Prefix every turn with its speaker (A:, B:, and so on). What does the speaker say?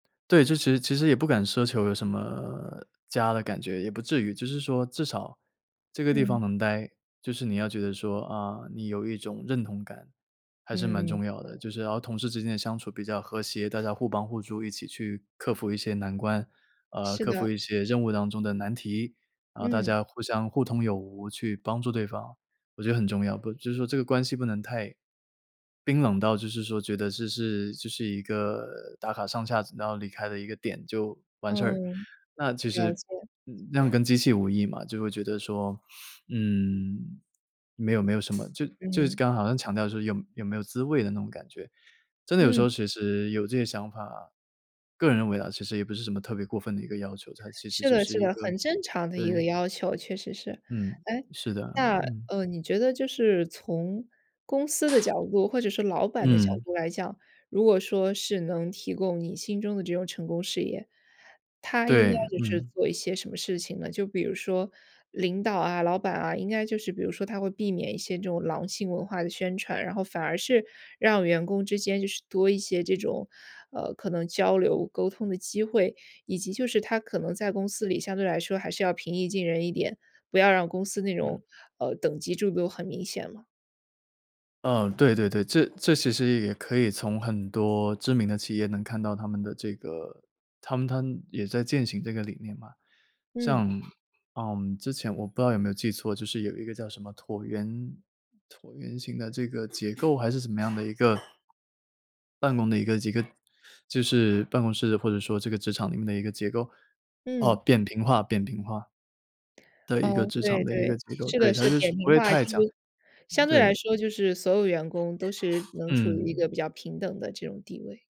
A: 对，这其实其实也不敢奢求有什么家的感觉，也不至于。就是说至少这个地方
B: 嗯。
A: 能待，就是你要觉得说啊，你有一种认同感，还是蛮
B: 嗯。
A: 重要的。就是然后同事之间的相处比较和谐，大家互帮互助，一起去克服一些难关，呃，
B: 是
A: 克服
B: 的。
A: 一些任务当中的难题，然后大
B: 嗯。
A: 家互相互通有无去帮助对方，我觉得很重要。不就是说这个关系不能太冰冷到就是说觉得这是这是一个打卡上下然后离开的一个点就完事儿。
B: 嗯，
A: 那其
B: 了
A: 实
B: 解。
A: 那么跟机器无异嘛，就会觉得说 嗯，没有没有什么，就就是
B: 嗯。
A: 刚刚好像强调就是说有有没有滋味的那种感觉。真的有时
B: 嗯。
A: 候其实有这个想法，个人认为啊，其实也不是什么特别过分的一个要求，它其实
B: 是
A: 就
B: 的
A: 是
B: 是
A: 一
B: 的，
A: 个
B: 很正常的一个
A: 对。
B: 要求，确实是。
A: 嗯，
B: 哎，
A: 是的，
B: 那，
A: 嗯。
B: 呃，你觉得就是从公司的角度或者是老板的角
A: 嗯。
B: 度来讲，如果说是能提供你心中的这种成功事业，他应
A: 对，
B: 该就是
A: 嗯。
B: 做一些什么事情呢？就比如说领导啊，老板啊，应该就是比如说他会避免一些这种狼性文化的宣传，然后反而是让员工之间就是多一些这种，呃，可能交流沟通的机会，以及就是他可能在公司里相对来说还是要平易近人一点，不要让公司那
A: 嗯。
B: 种，呃，等级制度很明显了。
A: 呃，对对对，这这其实也可以从很多知名的企业能看到它们的这个它们它们也在践行这个理念嘛。
B: 嗯。
A: 像，呃，之前我不知道有没有记错，就是有一个叫什么椭圆椭圆形的这个结构，还是什么样的一个办公的一个几个就是办公室或者说这个职场里面的一个结构，哦，
B: 嗯。
A: 扁平化扁平化的
B: 噢，
A: 一个职
B: 对
A: 场的一个
B: 对，
A: 机构，
B: 这
A: 对，
B: 个
A: 它
B: 是
A: 就是
B: 扁
A: 不
B: 平
A: 会
B: 化，
A: 太
B: 就
A: 讲，
B: 是
A: 嗯，
B: 相对来
A: 对。
B: 说就是所有员工都是能处于一
A: 嗯。
B: 个比较平等的这种地位。